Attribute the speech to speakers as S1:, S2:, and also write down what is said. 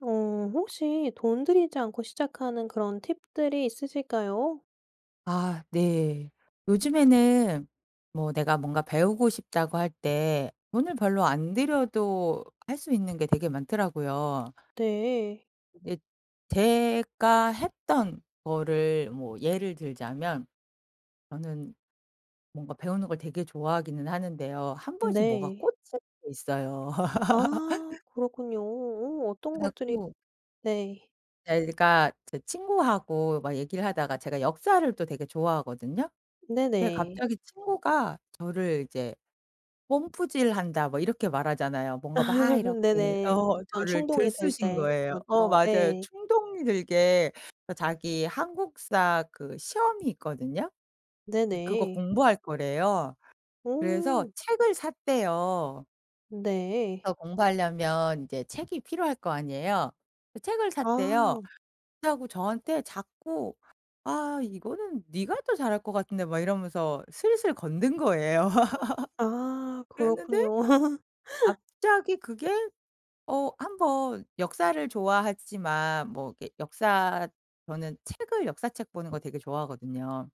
S1: 어 혹시 돈 들이지 않고 시작하는 그런 팁들이 있으실까요?
S2: 아 네. 요즘에는 뭐 내가 뭔가 배우고 싶다고 할 때 돈을 별로 안 들여도 할 수 있는 게 되게 많더라고요.
S1: 네.
S2: 예. 제가 했던 거를 뭐 예를 들자면 저는 뭔가 배우는 걸 되게 좋아하기는 하는데요. 1 번씩 뭐가
S1: 네.
S2: 꽂힐 때 있어요.
S1: 아 그렇군요. 어 어떤
S2: 그래
S1: 것들이
S2: 갖고
S1: 네.
S2: 제가 제 친구하고 막 얘기를 하다가 제가 역사를 또 되게 좋아하거든요. 근데
S1: 네네.
S2: 갑자기 친구가 저를 이제 "펌프질 한다." 뭐 이렇게 말하잖아요. 뭔가 막 이렇게
S1: 네네.
S2: 어
S1: 어떤
S2: 저를
S1: 충동이 될
S2: 들쑤신
S1: 때
S2: 거예요. 어
S1: 그렇죠.
S2: 맞아요.
S1: 예.
S2: 충동이 들게 어 자기 한국사 그 시험이 있거든요. 근데 그거
S1: 네네.
S2: 공부할 거래요. 그래서
S1: 어.
S2: 책을 샀대요.
S1: 네.
S2: 그래서 공부하려면 이제 책이 필요할 거 아니에요. 그 책을 샀대요.
S1: 아.
S2: 하고 저한테 자꾸 "아 이거는 네가 더 잘할 것 같은데." 막 이러면서 슬슬 건든 거에요.
S1: 아
S2: 그랬는데
S1: 그렇군요.
S2: 갑자기 그게 어 1 번 역사를 좋아하지만 뭐 이렇게 역사 저는 책을 역사책 보는 거 되게 좋아하거든요.